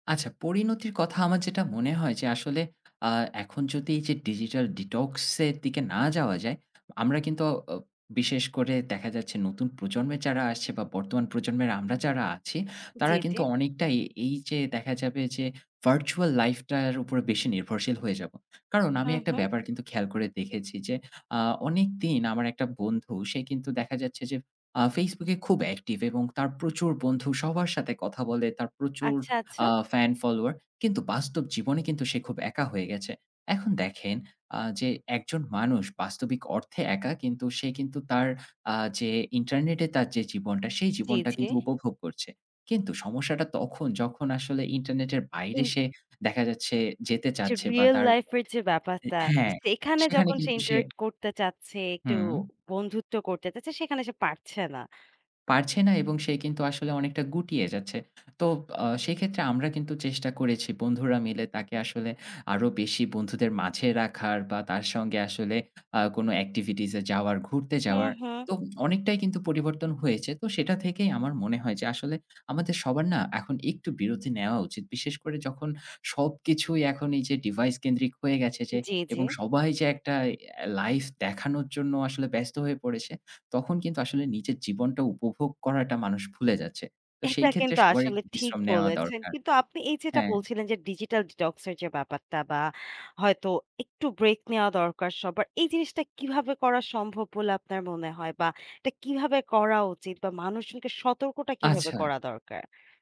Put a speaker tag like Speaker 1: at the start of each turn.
Speaker 1: আচ্ছা। পরিণতির কথা আমার যেটা মনে হয় যে আসলে আ এখন যদি এই যে, digital detox এর দিকে না যাওয়া যায়, আমরা কিন্তু অ অ বিশেষ করে দেখা যাচ্ছে নতুন প্রজন্ম এর যারা আসছে বা বর্তমান প্রজন্মের আমরা যারা আছি,
Speaker 2: জি,
Speaker 1: তারা
Speaker 2: জি।
Speaker 1: কিন্তু অনেকটাই এই যে দেখা যাবে যে virtual life টার উপর বেশি নির্ভরশীল হয়ে যাব। কারণ আমি
Speaker 2: হু,
Speaker 1: একটা
Speaker 2: হু।
Speaker 1: ব্যাপার কিন্তু খেয়াল করে দেখেছি যে আ অনেকদিন আমার একটা বন্ধু সে কিন্তু দেখা যাচ্ছে আ Facebook এ খুব অ্যাক্টিভ এবং তার প্রচুর বন্ধু, সবার সাথে কথা বলে, তার প্রচুর
Speaker 2: আচ্ছা, আচ্ছা।
Speaker 1: আ ফ্যান ফলোয়ার। কিন্তু বাস্তব জীবনে কিন্তু সে খুব একা হয়ে গেছে। এখন দেখেন আ যে একজন মানুষ বাস্তবিক অর্থে একা, কিন্তু সে কিন্তু তার আ যে ইন্টারনেটে তার যে জীবনটা সেই
Speaker 2: জি,
Speaker 1: জীবনটা
Speaker 2: জি।
Speaker 1: কিন্তু উপভোগ করছে। কিন্তু সমস্যাটা তখন যখন আসলে ইন্টারনেটের বাইরে
Speaker 2: এই
Speaker 1: সে দেখা যাচ্ছে,
Speaker 2: উম
Speaker 1: যেতে
Speaker 2: যে
Speaker 1: চাচ্ছে বা
Speaker 2: রিয়েল
Speaker 1: তার হ
Speaker 2: লাইফ এর যে ব্যাপারতা, তো
Speaker 1: হ্যাঁ,
Speaker 2: সেখানে
Speaker 1: সেখানে
Speaker 2: যখন সে
Speaker 1: কিন্তু সে
Speaker 2: interact করতে চাচ্ছে, একটু
Speaker 1: হুম।
Speaker 2: বন্ধুত্ব করতে চাচ্ছে, সেখানে সে পারছে না।
Speaker 1: পারছে না এবং সে কিন্তু আসলে অনেকটা গুটিয়ে যাচ্ছে। তো আ সেক্ষেত্রে আমরা কিন্তু চেষ্টা করেছি বন্ধুরা মিলে তাকে আসলে আরো বেশি বন্ধুদের মাঝে রাখার বা তার সঙ্গে আসলে আ কোনো এক্টিভিটিস এ যাওয়ার ঘুরতে
Speaker 2: হুম,
Speaker 1: যাওয়ার,
Speaker 2: হুম।
Speaker 1: তো অনেকটাই কিন্তু পরিবর্তন হয়েছে। তো সেটা থেকেই আমার মনে হয় যে আসলে আমাদের সবার না এখন একটু বিরতি নেওয়া উচিত। বিশেষ করে যখন সবকিছুই এখন এই যে ডিভাইস কেন্দ্রিক হয়ে গেছে যে
Speaker 2: জি, জি।
Speaker 1: এবং সবাই যে একটা এ লাইফ দেখানোর জন্য আসলে ব্যস্ত হয়ে পড়েছে। তখন কিন্তু আসলে নিজের জীবনটা উপভোগ করাটা মানুষ ভুলে যাচ্ছে। তো সেই
Speaker 2: এটা
Speaker 1: ক্ষেত্রে
Speaker 2: কিন্তু
Speaker 1: সবারই
Speaker 2: আসলে
Speaker 1: একটু
Speaker 2: ঠিক
Speaker 1: বিশ্রাম নেওয়া
Speaker 2: বলেছেন।
Speaker 1: দরকার।
Speaker 2: কিন্তু আপনি এই যেটা
Speaker 1: হ্যাঁ।
Speaker 2: বলছিলেন যে digital detox এর যে ব্যাপারটা বা হয়তো একটু ব্রেক নেয়া দরকার সবার। এই জিনিসটা কিভাবে করা সম্ভব বলে আপনার মনে হয় বা এটা কিভাবে করা উচিত বা মানুষজনকে সতর্কটা কিভাবে
Speaker 1: আচ্ছা।
Speaker 2: করা দরকার?